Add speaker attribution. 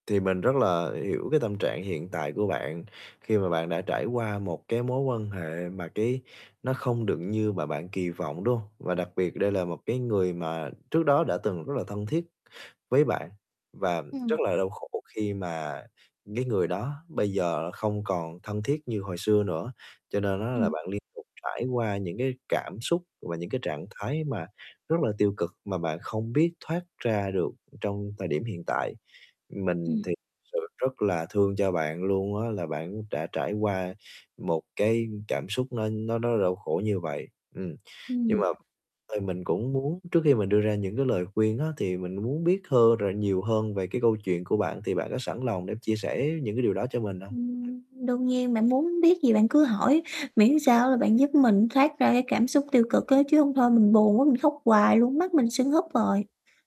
Speaker 1: Thì mình rất là hiểu cái tâm trạng hiện tại của bạn, khi mà bạn đã trải qua một cái mối quan hệ mà cái nó không được như mà bạn kỳ vọng, đúng không? Và đặc biệt đây là một cái người mà trước đó đã từng rất là thân thiết với bạn, và
Speaker 2: Ừm.
Speaker 1: rất là đau khổ khi mà cái người đó bây giờ không còn thân thiết như hồi xưa nữa. Cho nên á, là
Speaker 2: Ừm.
Speaker 1: bạn liên tục trải qua những cái cảm xúc và những cái trạng thái mà rất là tiêu cực, mà bạn không biết thoát ra được trong thời điểm hiện tại. Mình
Speaker 2: Ừm.
Speaker 1: thì thực sự rất là thương cho bạn luôn á, là bạn đã trải qua một cái cảm xúc nó nó rất đau khổ như vậy. Ừm, nhưng
Speaker 2: Ừm.
Speaker 1: mà ơi, mình cũng muốn trước khi mình đưa ra những cái lời khuyên á, thì mình muốn biết thơ rồi nhiều hơn về cái câu chuyện của bạn thì bạn có sẵn lòng để chia sẻ những cái điều đó cho mình hông? Ừm.
Speaker 2: Ừm, đương nhiên, bạn muốn biết gì bạn cứ hỏi, miễn sao là bạn giúp mình thoát ra cái cảm xúc tiêu cực á, chứ hông thôi mình buồn quá, mình khóc hoài luôn, mắt mình sứng húp rồi.